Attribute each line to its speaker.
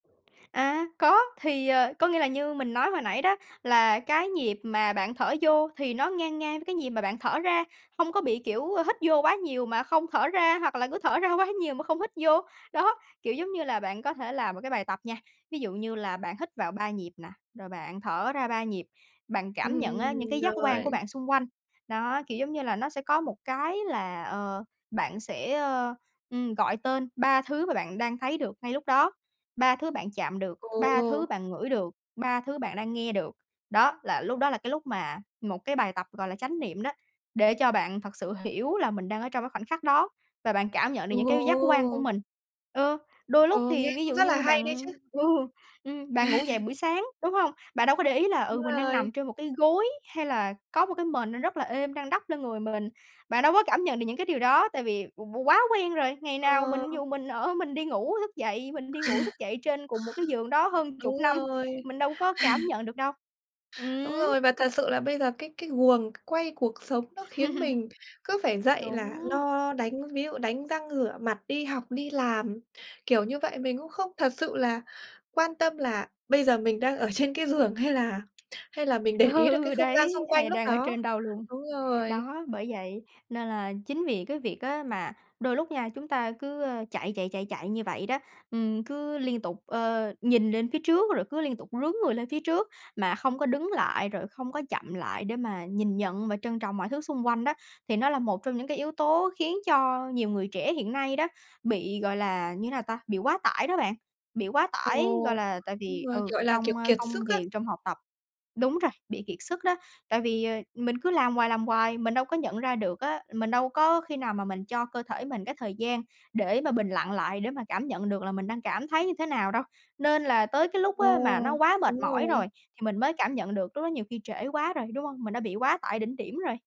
Speaker 1: À, có. Thì, ờ, có nghĩa là như mình nói hồi nãy đó, là cái nhịp mà bạn thở vô thì nó ngang ngang với cái nhịp mà bạn thở ra, không có bị, kiểu, ờ, hít vô quá nhiều mà không thở ra, hoặc là cứ thở ra quá nhiều mà không hít vô. Đó, kiểu giống như là bạn có thể làm một cái bài tập nha, ví dụ như là bạn hít vào 3 nhịp nè, rồi bạn thở ra 3 nhịp, bạn cảm nhận á những
Speaker 2: Ừm,
Speaker 1: cái giác quan của
Speaker 2: rồi.
Speaker 1: bạn xung quanh. Đó, kiểu giống như là, nó sẽ có một cái là ờ, bạn sẽ, ừm, gọi tên 3 thứ mà bạn đang thấy được ngay lúc đó: 3 thứ bạn chạm được, 3 thứ
Speaker 2: Ồ!
Speaker 1: bạn ngửi được, 3 thứ bạn đang nghe được. Đó, là lúc đó là cái lúc mà một cái bài tập gọi là chánh niệm đó, để cho bạn thật sự hiểu là mình đang ở trong cái khoảnh khắc đó và bạn cảm nhận được những cái giác quan của
Speaker 2: Ồ!
Speaker 1: mình. Ừ, đôi lúc
Speaker 2: Ờ, nghe
Speaker 1: thì ví
Speaker 2: cũng
Speaker 1: dụ
Speaker 2: rất là
Speaker 1: như
Speaker 2: hay đấy
Speaker 1: bạn
Speaker 2: chứ.
Speaker 1: ừ, ừm, bạn ngủ dậy buổi sáng, đúng hông? Bạn đâu có để ý là,
Speaker 2: Đúng
Speaker 1: ừ, mình đang
Speaker 2: rồi.
Speaker 1: nằm trên một cái gối hay là có một cái mền nó rất là êm đang đắp lên người mình, bạn đâu có cảm nhận được những cái điều đó, tại vì qu quá quen rồi. Ngày nào
Speaker 2: Ờ.
Speaker 1: mình ví dụ mình ở, mình đi ngủ, thức dậy, mình đi ngủ, thức dậy trên cùng một cái giường đó hơn chục
Speaker 2: Đúng
Speaker 1: năm,
Speaker 2: rồi.
Speaker 1: mình đâu có cảm nhận được đâu.
Speaker 2: Đúng rồi,
Speaker 1: Ừm!
Speaker 2: và thật sự là bây giờ cái cái guồng quay cuộc sống nó khiến mình cứ phải dậy là
Speaker 1: Đúng.
Speaker 2: lo đánh ví dụ đánh răng rửa mặt, đi học đi làm, kiểu như vậy. Mình cũng không thật sự là quan tâm là bây giờ mình đang ở trên cái giường hay là hay là mình để ý được cái
Speaker 1: Ừ,
Speaker 2: không gian
Speaker 1: đấy,
Speaker 2: xung
Speaker 1: hay
Speaker 2: quanh
Speaker 1: là
Speaker 2: lúc
Speaker 1: đang ở
Speaker 2: đó.
Speaker 1: trên đâu luôn.
Speaker 2: Đúng rồi.
Speaker 1: Đó, bởi vậy nên là chính vì cái việc á mà đôi lúc nha, chúng ta cứ, a, chạy, chạy, chạy, chạy như vậy đó, ừm, cứ liên tục, ờ, nhìn lên phía trước rồi cứ liên tục rướn người lên phía trước mà không có đứng lại rồi không có chậm lại để mà nhìn nhận và trân trọng mọi thứ xung quanh đó, thì nó là một trong những cái yếu tố khiến cho nhiều người trẻ hiện nay đó, bị gọi là như thế nào ta? Bị quá tải đó bạn, bị quá tải. Gọi
Speaker 2: Ồ!
Speaker 1: là tại
Speaker 2: Đúng
Speaker 1: vì
Speaker 2: rồi,
Speaker 1: ừ,
Speaker 2: gọi là, kiểu,
Speaker 1: trong, a,
Speaker 2: kiệt
Speaker 1: công
Speaker 2: sức á.
Speaker 1: việc, trong học tập đúng rồi, bị kiệt sức đó. Tại vì, ờ, mình cứ làm hoài, làm hoài, mình đâu có nhận ra được á, mình đâu có khi nào mà mình cho cơ thể mình cái thời gian để mà bình lặng lại để mà cảm nhận được là mình đang cảm thấy như thế nào đâu. Nên là tới cái lúc
Speaker 2: Ồ!
Speaker 1: á mà nó quá mệt
Speaker 2: Đúng
Speaker 1: mỏi rồi
Speaker 2: rồi.
Speaker 1: thì mình mới cảm nhận được, lúc đó nhiều khi trễ quá rồi, đúng hông? Mình đã bị quá tải đỉnh điểm rồi.